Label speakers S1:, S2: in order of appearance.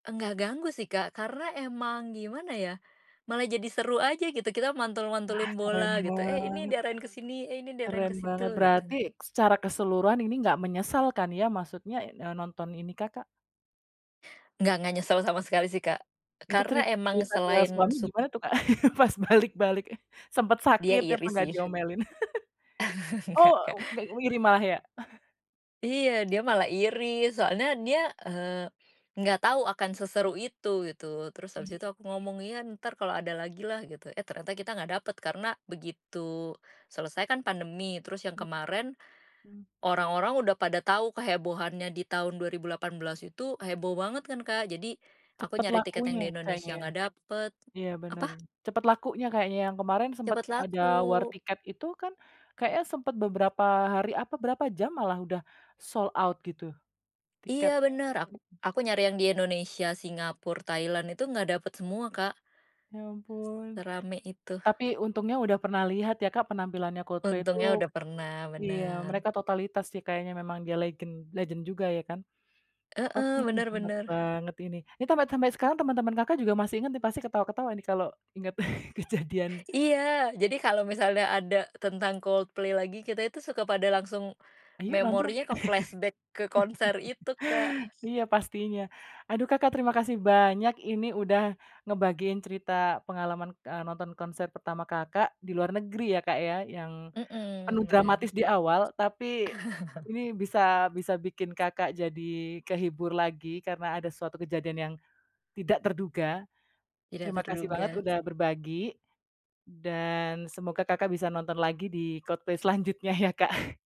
S1: Enggak ganggu sih, Kak, karena emang gimana ya, malah jadi seru aja gitu, kita
S2: Ah,
S1: mantul-mantulin
S2: keren
S1: bola gitu, eh, ini
S2: banget.
S1: diarahin ke sini, eh, ini diarahin
S2: Keren
S1: ke situ,
S2: banget, berarti
S1: gitu.
S2: secara keseluruhan ini enggak menyesal kan ya, maksudnya, eee, nonton ini Kakak?
S1: Enggak, enggak nyesel sama sekali sih, Kak,
S2: Itu
S1: karena
S2: cerit
S1: emang
S2: cerita ke
S1: selain
S2: suami
S1: sub
S2: gimana tuh, Kak? Pas balik-balik, sempet
S1: Dia
S2: sakit apa
S1: iri
S2: nggak
S1: sih.
S2: diomelin?
S1: Enggak,
S2: Oh,
S1: Kak.
S2: ga iri malah ya?
S1: Iya, dia malah iri soalnya dia, eee, enggak tahu akan seseru itu gitu, terus abis itu
S2: Mhm.
S1: aku ngomong, "Ya, ntar kalau ada lagi lah," gitu, eh, ternyata kita enggak dapet karena begitu selesai kan pandemi terus yang
S2: Mhm,
S1: kemarin,
S2: mhm.
S1: orang-orang udah pada tahu kehebohannya di tahun 2018 itu heboh banget kan, Kak, jadi aku
S2: Cepet
S1: nyari tiket yang
S2: lakunya
S1: di
S2: kayaknya
S1: Indonesia
S2: ya?
S1: enggak dapet
S2: Iya, bener,
S1: apa?
S2: cepet lakunya kayaknya yang kemarin sempet
S1: Cepet laku.
S2: ada war tiket itu kan kayaknya sempet beberapa hari apa berapa jam malah udah sold out gitu
S1: Iya,
S2: tiketnya,
S1: bener ak
S2: mhm.
S1: aku nyari yang di Indonesia, Singapura, Thailand itu enggak dapet semua, Kak.
S2: Ya ampun,
S1: Serame itu.
S2: tapi untungnya udah pernah lihat ya, Kak, penampilannya Coldplay itu
S1: Untungnya udah pernah,
S2: iya,
S1: bener.
S2: mereka totalitas sih kayaknya memang dia legend legend juga ya kan? Oke,
S1: Heeh,
S2: duh,
S1: bener
S2: menarik
S1: bener.
S2: banget ini. Ini tampe sampai sekarang teman-teman Kakak juga masih inget nih pasti ketawa-ketawa nih kalau inget kejadian.
S1: Iya, jadi kalau misalnya ada tentang Coldplay lagi, kita itu suka pada langsung
S2: Ayo nonton.
S1: memorinya ke flashback ke konser itu, Kak.
S2: Iya, pastinya. Aduh Kakak, terima kasih banyak ini udah ngebagiin cerita pengalaman, eee, nonton konser pertama Kakak, di luar negeri ya, Kak, ya, yang penuh
S1: Mhm, bener.
S2: dramatis di awal. Tapi ini bisa bisa bikin Kakak jadi kehibur lagi karena ada suatu kejadian yang tidak terduga.
S1: Tidak
S2: Terima kasih banget
S1: terduga.
S2: udah berbagi dan semoga, Kakak, bisa nonton lagi di Coldplay selanjutnya ya, Kak.